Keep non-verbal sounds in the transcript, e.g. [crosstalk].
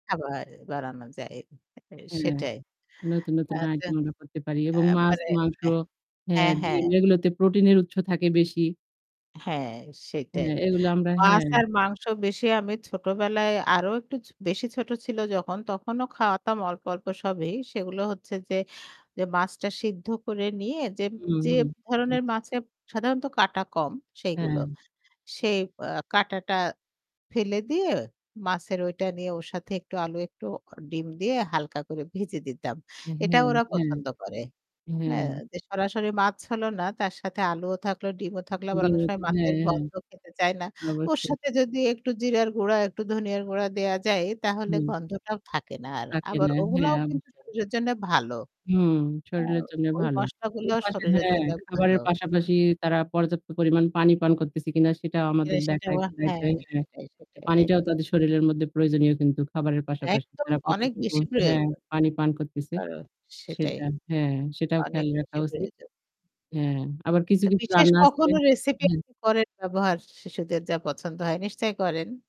আবার বাড়ানো যায়। এ হ্যাঁ, সেটাই। নতুন, আ নতুন তো ডায়েটগুলো আমরা করতে পারি আ এবং মাছ মানে মাংস এহ হ্যাঁ, হ্যাঁ, হ্যাঁ। ডিম এগুলোতে প্রোটিন এর উৎস থাকে বেশি। হ্যাঁ, সেইটাই। হ্যাঁ, এগুলো আমরা মাছ হ্যাঁ। আর মাংস বেশি আমি ছোটবেলায় আরো একটু ছ বেশি ছোট ছিল যখন তখনো খাওয়াতাম অল্প, অল্প সবই। সেগুলো হচ্ছে যে মাছটা সিদ্ধ করে নিয়ে যে হুম, যে হুম। আচ্ছা। ধরনের মাছে সাধারণত কাঁটা কম সেইগুলো। হ্যাঁ। সেই আব কাঁটাটা ফেলে দিয়ে মাছের ঐটা নিয়ে ওর সাথে একটু আলু একটু ও ডিম দিয়ে হালকা করে ভেজে দিতাম। অ্যা এটা হ্যাঁ, ওরা হ্যাঁ, পছন্দ করে। হ্যাঁ। হ্যাঁ, যে সরাসরি মাছ হলো না তার সাথে আলুও থাকলো, ডিমও থাকল আবার অনেক সময় [unintelligible] হ্যাঁ, মাছের হ্যাঁ। গন্ধ খেতে চায় না। ওর অবশ্যই। সাথে যদি একটু জিরার গুঁড়া, একটু ধনিয়ার গুঁড়া দেওয়া যায় তাহলে হুম। গন্ধটাও থাকে না আর। থাকে আবার না। ওগুলাও হ্যাঁ, কিন্তু অবশ্যই। শরীরের জন্য ভালো। হুম, হ্যাঁ, শরীরের জন্য ওই ভালো। মসলাগুলো এর পাশে শরীরের হ্যাঁ, জন্য ভালো। খাবারের পাশাপাশি তারা পর্যাপ্ত পরিমাণ পানি পান করতেছে কিনা সেটাও আমাদের দেখা। [unintelligible] হ্যাঁ, [unintelligible] সেটাই, এ সেটাই পানিটাও একদম। তাদের শরীরের মধ্যে প্রয়োজনীয় কিন্তু খাবারের পাশাপাশি। একদম তারা অনেক কতটুকু বেশি হ্যাঁ, প্রয়োজন। পানি পান করতেছে। আর সেটাই। সেটা হ্যাঁ, সেটাও অনেক খেয়াল রাখা বেশি উচিত। প্রয়োজন। হ্যাঁ, আবার কিছু, তো কিছু বিশেষ রান্না আছে কখনো রেসিপি হ্যাঁ। আপনি করেন ব্যবহার শি শিশুদের যা পছন্দ হয়, নিশ্চয়ই করেন।